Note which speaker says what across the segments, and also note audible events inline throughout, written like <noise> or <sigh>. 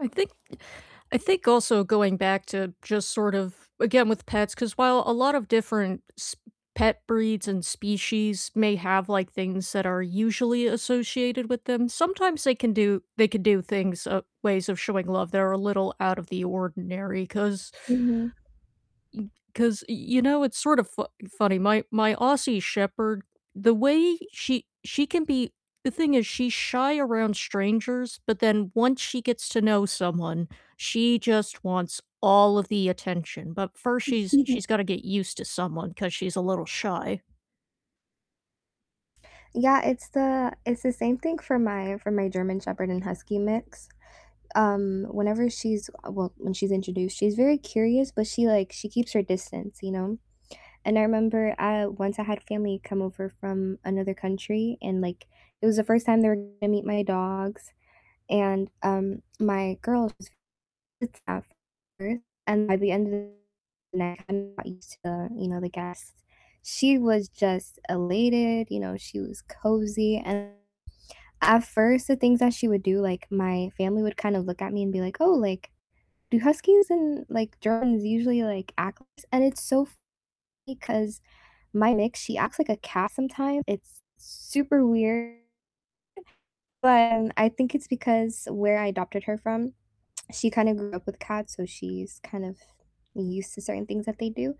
Speaker 1: I think I think also going back to just sort of again with pets, 'cause while a lot of different s pet breeds and species may have, like, things that are usually associated with them, sometimes they can do they can do things uh, ways of showing love that are a little out of the ordinary, 'cause
Speaker 2: Mhm.
Speaker 1: y 'cause, y you know, it's sort of fu funny, my my Aussie Shepherd, the way she she can be the thing is she's shy around strangers, but then once she gets to know someone, she just wants all of the attention, but first she's she's gotta
Speaker 2: <chuckles>
Speaker 1: get used to someone 'cause she's a little shy.
Speaker 2: Yeah, it's the it's the same thing for my for my German Shepherd and Husky mix, um, whenever she's uh, well, when she's introduced, she's very curious, but she, like she keeps her distance, you know, and I remember, uh, once I had family come over from another country and, like, it was the 1st time they were gonna meet my dogs, and, um, my girl <unintelligible> and by the end of night, kinda got used to the you know, the guests, she was just elated, you know, she was cozy, and at first, the things that she would do, like my family would kinda look at me and be like, "Oh, like, do Huskies and, like, Germans usually, like, act like this?" and it's so funny 'cause my mix, she acts like a cat sometimes, it's super weird but I think it's because where I adopted her from, she kinda grew up with cats, so she's kind of used to certain things that they do,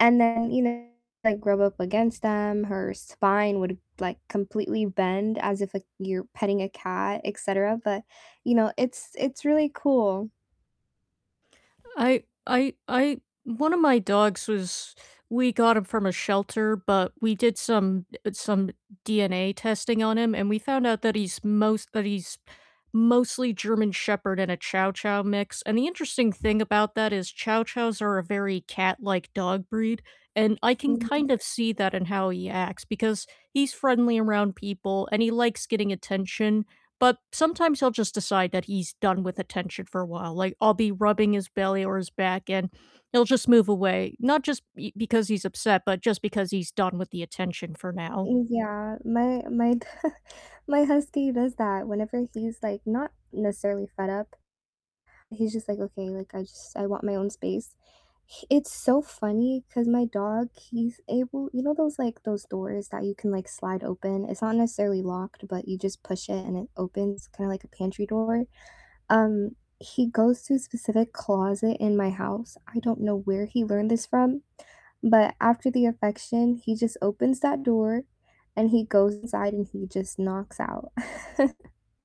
Speaker 2: and then, you know, like rub up against them, her spine would, like, completely bend as if, like, you're petting a cat, et cetera, but, you know, it's it's really cool.
Speaker 1: I I I one of my dogs was we got him from a shelter, but we did some uh, some DNA testing on him, and we found out that he's most that he's mostly German Shepherd and a Chow Chow mix, and the interesting thing about that is Chow Chows are a very cat-like dog breed, and I can
Speaker 2: Mhm.
Speaker 1: kind of see that in how he acts because he's friendly around people and he likes getting attention, but sometimes he'll just decide that he's done with attention for a while, like, I'll be rubbing his belly or his back and he'll just move away, not just b because he's upset, but just because he's done with the attention for now.
Speaker 2: Yeah, my my <chuckles> my Husky does that whenever he's, like, not necessarily fed up, he's just like, "Okay, like, I just I want my own space," h it's so funny 'cause my dog, he's able you know those, like those doors that you can, like, slide open? It's not necessarily locked, but you just push it and it opens kinda like a pantry door, um, he goes to a specific closet in my house, I don't know where he learned this from, but after the affection, he just opens that door and he goes inside and he just knocks out. <chuckles>